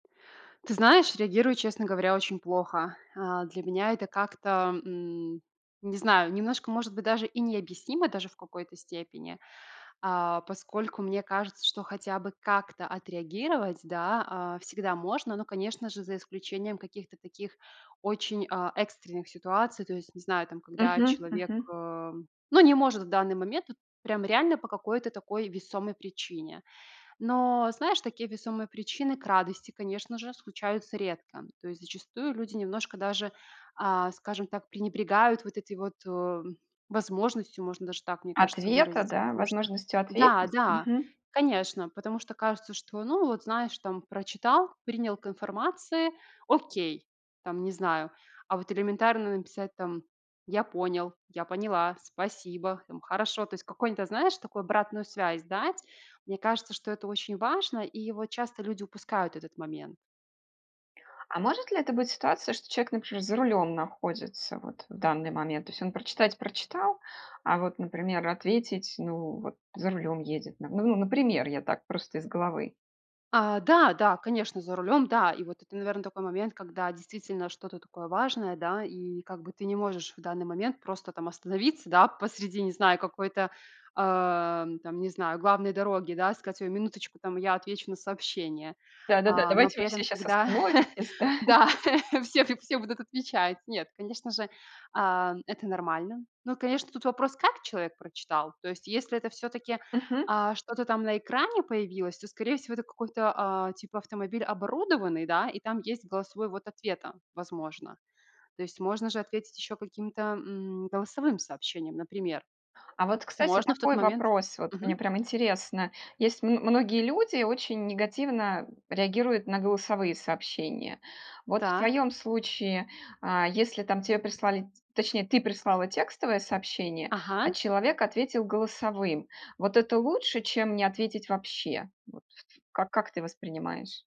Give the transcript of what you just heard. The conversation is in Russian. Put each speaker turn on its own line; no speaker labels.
Ты знаешь, реагирую, честно говоря, очень плохо. А, для меня это как-то, м, не знаю, немножко, может быть, даже и необъяснимо даже в какой-то степени, а, поскольку мне кажется, что хотя бы как-то отреагировать, да, а, всегда можно, но, конечно же, за исключением каких-то таких очень, а, экстренных ситуаций, то есть, не знаю, там когда
Мгм
человек,
мгм.
э, ну не может в данный момент вот прям реально по какой-то такой весомой причине. Но, знаешь, такие весомые причины, к радости, конечно же, случаются редко. То есть, зачастую люди немножко даже, а, скажем так, пренебрегают вот эти вот, э, м, возможностью можно даже так, мне кажется,
Ответа,
выразиться.
да?
Потому что
Возможностью
Да,
ответить?
да,
Мгм.
конечно, потому что кажется, что, ну вот знаешь там прочитал, принял к информации, окей, там не знаю. А, вот элементарно написать там: "Я понял", "Я поняла, спасибо", хм "Хорошо". То есть какой-то, нь знаешь, такую обратную связь дать. Мне кажется, что это очень важно и вот часто люди упускают этот момент.
А может ли это быть ситуация, что человек, например, за рулем находится вот в данный момент? То есть он прочитать прочитал, а, вот, например, ответить, ну, вот за рулем едет на, ну ну, например, я так просто из головы.
А, да, да, конечно, за рулем. Да, и вот это, наверно, такой момент, когда действительно что-то такое важное, да, и как бы ты не можешь в данный момент просто там остановиться, да, посреди, не знаю, какой-то, ам, там не знаю, главной дороги, да, сказать: "Ой, минуточку, там я отвечу на сообщение".
Да-да-да,
А, но
давайте
при
вы все
этом,
щас
когда
остановитесь, да.
Да, всех и всё будут отвечать. Нет, конечно же, ам, это нормально. Но, конечно, тут вопрос как человек прочитал? То есть, если это всё-таки,
Мгм.
а, что-то там на экране появилось, то, скорее всего, это какой-то, а, типа автомобиль оборудованный, да, и там есть голосовой ввод ответа, возможно. То есть, можно же ответить ещё каким-то, м, голосовым сообщением, например.
А вот, кстати,
Можно в тот
такой
момент
вопрос. Вот мне
Мгм.
прям интересно. Есть, м многие люди очень негативно реагируют на голосовые сообщения. Вот в
Так.
твоём случае, а, если там те прислали точнее ты прислала текстовое сообщение, а
Ага.
человек ответил голосовым. Вот это лучше, чем не ответить вообще. Вот как как ты воспринимаешь?